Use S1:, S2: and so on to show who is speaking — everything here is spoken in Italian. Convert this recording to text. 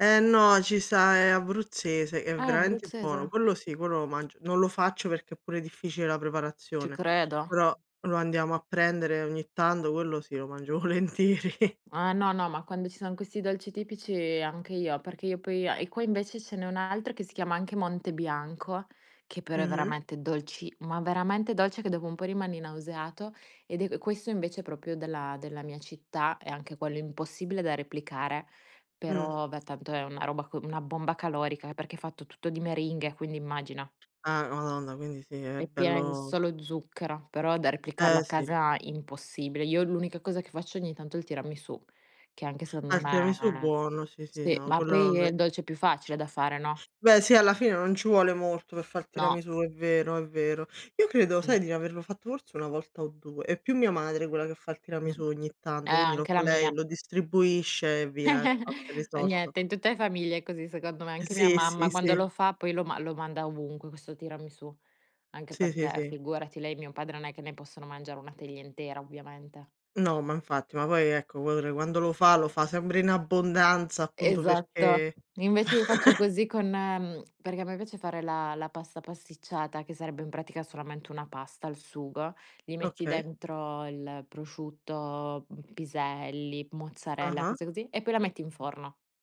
S1: Eh no, ci sta, è abruzzese, è
S2: Ah, è
S1: veramente buono.
S2: abruzzese.
S1: Quello sì, quello lo mangio non lo faccio perché è pure difficile la
S2: Ci
S1: preparazione,
S2: credo.
S1: però lo andiamo a prendere ogni tanto, quello sì, lo mangio volentieri.
S2: Eh, no, no, ma quando ci son questi dolci tipici anche io, perché io poi a e qua invece ce n'è un altro che si chiama anche Monte Bianco, che però è
S1: Mh-mh.
S2: veramente dolci ma veramente dolce, che dopo un po' rimani nauseato. Ed è q questo invece è proprio della della mia città e anche quello impossibile da replicare.
S1: Mh.
S2: Però beh, tanto è una roba co una bomba calorica perché è fatto tutto di meringhe, quindi immagina.
S1: Ah madonna, quindi sì, è
S2: È piena in
S1: bello
S2: solo zucchero, però da replicarlo a
S1: Eh, sì.
S2: casa, impossibile. Io l'unica cosa che faccio ogni tanto è il tiramisù, che anche se
S1: Ah,
S2: non
S1: il tiramisù
S2: è
S1: buono, sì, sì,
S2: sì,
S1: no,
S2: ma
S1: quello
S2: poi è
S1: ve
S2: il dolce più facile da fare, no?
S1: Beh sì, alla fine non ci vuole molto per far
S2: No.
S1: tiramisù, è vero, è vero. Io credo, sai,
S2: No.
S1: di n averlo fatto forse 1 volta o 2. È più mia madre quella che fa il
S2: Mh.
S1: tiramisù ogni
S2: Eh,
S1: tanto, quindi lo
S2: anche la
S1: fa lei,
S2: mia.
S1: lo distribuisce e via. È fatta, è
S2: Eh
S1: risolto.
S2: niente, in tutte le famiglie è così secondo me. Anche mia
S1: Sì, sì,
S2: mamma quando
S1: sì.
S2: lo fa, poi lo ma lo manda ovunque questo tiramisù. Anche
S1: Sì, sì,
S2: perché
S1: sì.
S2: figurati, lei e mio padre non è che ne possono mangiare 1 teglia intera, ovviamente.
S1: No, ma infatti, ma poi ecco quadra quando lo fa lo fa sempre in abbondanza, appunto
S2: Esatto.
S1: perché fa
S2: Invece io faccio così con, ehm perché a me piace fare la la pasta pasticciata, che sarebbe in pratica solamente una pasta al sugo. Gli metti
S1: Okay.
S2: dentro il prosciutto, uhm, piselli, mozzarella,
S1: Ah-ah.
S2: cose così, e poi la metti in forno.